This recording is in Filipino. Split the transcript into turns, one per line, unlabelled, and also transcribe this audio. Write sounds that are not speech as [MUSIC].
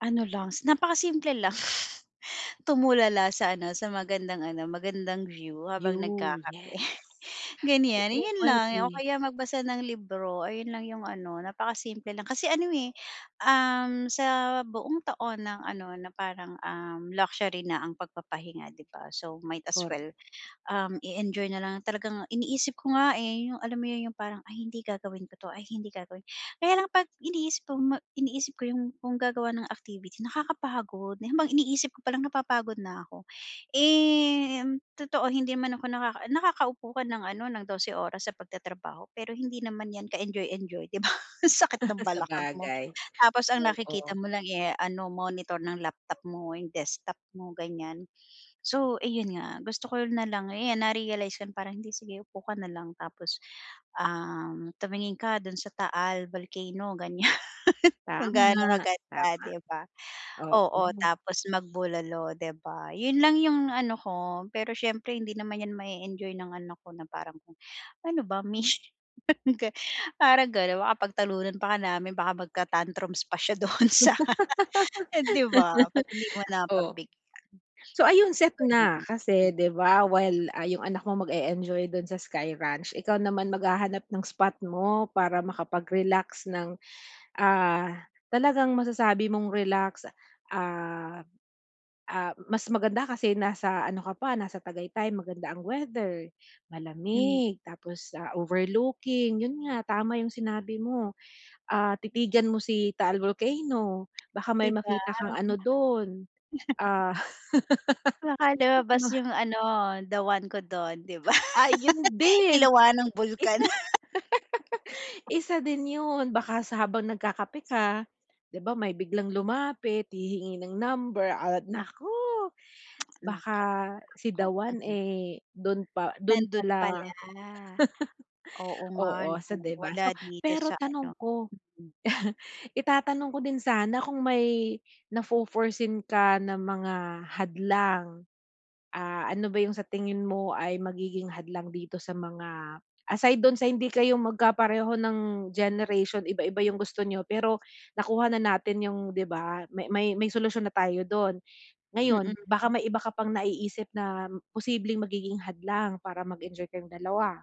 Ano lang, s napaka simple lang. [LAUGHS] Tumulala sa ano, sa magandang ano, magandang view habang
'Yon, yes.
nagkakape, [CHUCKLES] ganyan.
Oo,
'Yon lang o
puwede.
kaya magbasa ng libro. Ayun lang 'yong ano, napakasimple lang. Kasi ano, eh, um, sa buong taon ng ano, na parang, um, luxury na ang pagpapahinga, 'di ba? So, might as
Kor
well, um, i-enjoy na lang talagang iniisip ko nga, eh, 'yong, alam mo 'yon, 'yong parang, "Ay hindi gagawin ko 'to. Ay hindi gagawin." Kaya lang 'pag iniisip kong ma iniisip ko 'yong kung gagawa ng activity, nakakapagod. 'Yon bang iniisip ko palang, napapagod na ako. Eh mm, totoo hindi man ako nakaka naka-upo ka ng ano, ng 12 oras sa pagtatrabaho. Pero hindi naman 'yan ka-enjoy-enjoy, 'di ba? [LAUGHS] Sakit ng
[LAUGHS]
balakang mo.
Sabagay.
Tapos ang nakikita
Oo.
mo lang, eh, ano, monitor ng laptop mo, 'yong desktop mo, ganyan. So, ayun nga, gusto ko na lang 'yan na-realize kong parang, "Hindi, sige upo ka na lang. Tapos, um, tumingin ka do'n sa Taal Volcano." Ganyan. [LAUGHS] Kung
Tama,
ga'no kaganda,
tama.
'di ba? Oo,
Oo.
tapos magbulalo, 'di ba? 'Yon lang 'yong ano ko. Pero siyempre hindi naman 'yan ma-e-enjoy ng anak ko na parang kung ano ba mish [LAUGHS] yung ga parang gano'n. Baka pagtalunan pa nga namin, baka magka-tantrums pa siya do'n sa eh 'di ba? 'Pag hindi mo
[LAUGHS] Oh.
napagbigyan.
So ayun set na. Kasi,
Ganon.
'di ba, while, ah, 'yong anak mo mag-e-enjoy do'n sa Sky Ranch, ikaw naman maghahanap ng spot mo para makapag-relax ng, ah, talagang masasabi mong relax. Ah ah, mas maganda kasi nasa ano ka pa, nasa Tagaytay. Maganda ang weather,
Hmm.
malamig, tapos, ah, overlooking. 'Yon nga, tama 'yong sinabi mo. Ah, titigan mo si Taal Volcano. Baka
'Di
may
ba?
makita kang ano do'n,
[LAUGHS]
ah,
Baka
[LAUGHS]
lumabas
ma
'yong ano, the one ko do'n, 'di ba?
Ay, 'yon
[LAUGHS]
din.
Iluwa ng bulkan.
Isa [LAUGHS]
[LAUGHS]
isa din 'yon. Baka sa habang nagkakape ka 'di ba, may biglang lumapit, hihingi ng number at naku!
[CLICKS TONGUE]
Baka
Naka
si the
naku,
one,
mhm.
eh, do'n pa do'n
Nando'n
pala
pala.
[LAUGHS]
Oo nga
oo.
'no?
So, 'di ba.
Wala
So,
dito
pero
sa ano,
tanong ko.
mm.
[LAUGHS] Itatanong ko din sana kung may nafo-foreseen ka na mga hadlang? Ah, ano ba 'yong sa tingin mo ay magiging hadlang dito sa mga aside do'n sa hindi kayo magkapareho ng generation, iba iba 'yong gusto niyo, pero nakuha na natin 'yong 'di ba? May may may solusyon na tayo do'n. Ngayon, baka
Mm.
may iba ka pang naiisip na posibleng magiging hadlang para mag-enjoy kayong 2?